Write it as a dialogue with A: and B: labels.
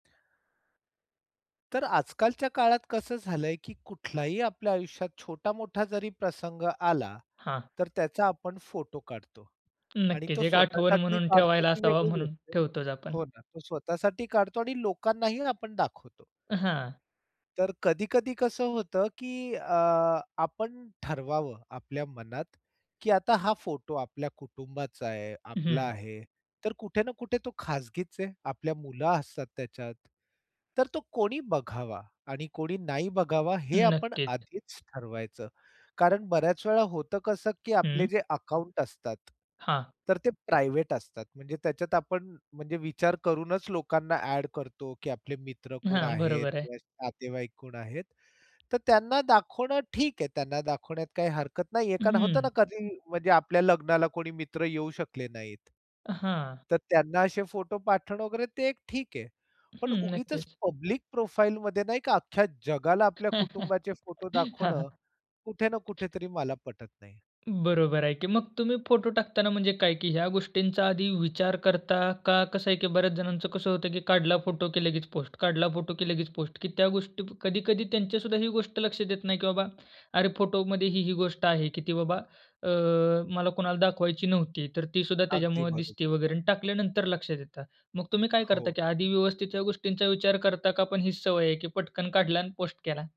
A: तर आज-कालच्या काळात कसं झालंय, की कुठलाही आपल्या आयुष्यात छोटा-मोठा जरी प्रसंग आला,
B: हां.
A: तर त्याचा आपण फोटो काढतो आणि
B: नक्कीच,
A: तो
B: एक आठवण
A: स्वतःसाठी
B: म्हणून
A: काढतो
B: ठेवायला
A: ती
B: असावा
A: वेगळी
B: म्हणून,
A: गोष्ट आहे
B: ठेवतोच आपण.
A: हो ना, तो स्वतःसाठी काढतो आणि लोकांनाही आपण दाखवतो.
B: हां.
A: तर कधी-कधी कसं होतं, की अ, आपण ठरवावं, आपल्या मनात, की आता हा फोटो आपल्या कुटुंबाचा आहे, आपला
B: हं.
A: आहे. तर कुठे ना कुठे तो खाजगीच आहे. आपल्या मुलं असतात त्याच्यात. तर तो कोणी बघावा? आणि कोणी नाही बघावा? हे आपण
B: नक्कीच.
A: आधीच ठरवायचं. कारण बऱ्याच वेळा होतं कसं, की आपले
B: हम्म.
A: जे अकाउंट असतात,
B: हां.
A: तर ते प्रायव्हेट असतात. म्हणजे त्याच्यात आपण म्हणजे विचार करूनच लोकांना ॲड करतो, की आपले मित्र कोण
B: हां,
A: आहेत?
B: बरोबर आहे.
A: किंवा नातेवाईक कोण आहेत? तर त्यांना दाखवणं ठीक आहे. त्यांना दाखवण्यात काही हरकत नाही आहे, कारण होतं ना
B: हं.
A: कधी म्हणजे आपल्या लग्नाला कोणी मित्र येऊ शकले नाहीत.
B: हां.
A: तर त्यांना असे फोटो पाठवणं वगैरे ते ठीक आहे. पण
B: हं,
A: उगीचच
B: नक्कीच.
A: पब्लिक प्रोफाइल मध्ये नाही का, अख्ख्या जगाला आपल्या
B: हां,
A: कुटुंबाचे फोटो
B: हां.
A: दाखवणं, कुठे ना कुठेतरी मला पटत नाही.
B: बरोबर आहे की. मग, तुम्ही फोटो टाकताना म्हणजे काय की ह्या गोष्टींचा आधी विचार करता? का कसं आहे, की बऱ्याच जणांचं कसं होतं की काढला फोटो की लगेच पोस्ट, काढला फोटो की लगेच पोस्ट, की त्या गोष्टी कधी-कधी त्यांच्या सुद्धा ही गोष्ट लक्षात येत नाही की बाबा अरे, फोटो मध्ये ही-ही गोष्ट आहे की ती बाबा अ, मला कुणाला दाखवायची नव्हती. तर ती सुद्धा
A: अगदी
B: त्याच्यामुळं दिसते
A: बरोबर.
B: वगैरे आणि टाकल्यानंतर लक्षात येतं. मग तुम्ही काय करता?
A: हो.
B: की आधी व्यवस्थित ह्या गोष्टींचा विचार करता का? पण ही सवय आहे की पटकन काढला आणि पोस्ट, केला?